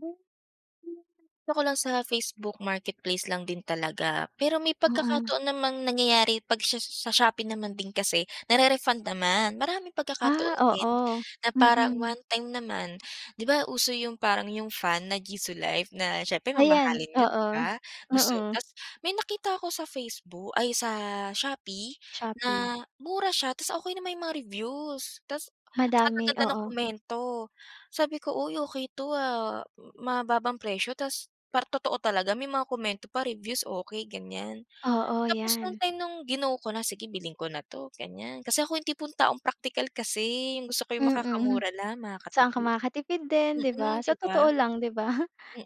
Then hindi ko pa 'ta ko lang sa Facebook marketplace lang din talaga. Pero may Oo. pagkakataon namang nangyayari 'pag sha sa shopee naman din kasi nare-refund naman, maraming Ah, pagkakataon din oo. na parang Mm. one time naman, 'di ba uso yung parang yung fan na Jisulife na siyempre Ayan, mamahalin yun, 'di oo. ba, gusto Oo. tapos may nakita ako sa Faceboo ay, sa Shopee na Shopee. mura siya tapos okey naman yung mga reviews, tapos ang Madami, gaganda ng oo. komento, sabi ko, "Uy okey 'to ah, ma mababang presyo. Tapos parang totoo talaga, may mga komento pa, reviews, okey," ganiyan. Oo, Tapos nung 'yan. time nung gino ko na, "sige bilhin ko na 'to," ganiyan, kasi ako yung tipong taong praktikal kasi, yung gusto ko Mm. makakamura lang, Saan ka makakatipid. makakatipid din, 'di ba, Mm, sa 'di ba? totoo lang, 'di ba?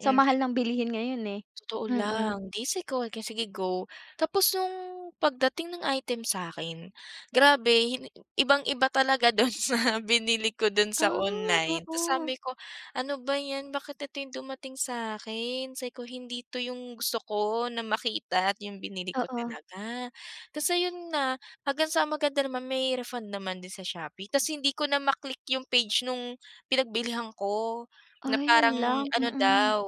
Sa mahal ng bilihin ngayon eh, Totoo mm. lang, 'di si go, sige go. Tapos nung pagdating ng item sa'kin, grabe, ibang-iba talaga dun sa binili ko dun sa Ah, online. Tapos oo. sabi ko, "Ano ba 'yan, bakit ito yung dumating sa akin." Sabi ko, "Hindi ito yung gusto ko na makita at yung binili ko Oo. talaga." Tapos ayun na, hanggang sa maganda naman, may refund naman din sa Shopee. Tapos hindi ko na ma-click yung page nung pinagbilihan ko na Ay, yun parang lang, ano mm. daw.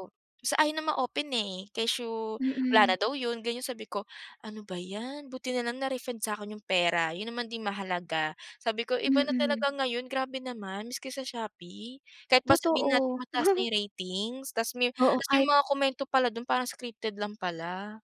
Tapos ayaw na ma-open eh, kesyo wala na Mm. daw yun, ganiyan. Sabi ko, "Ano ba 'yan," buti na lang na-refund sa'kin yung pera, yun naman din mahalaga. Sabi ko, "Iba na Mm. talaga ngayon, grabe naman maski sa Shopee, kahit pa sabihin natin Totoo. mataas na ratings" tapos me Oo, tapos may kahit mga komento pala dun, parang scripted lang pala.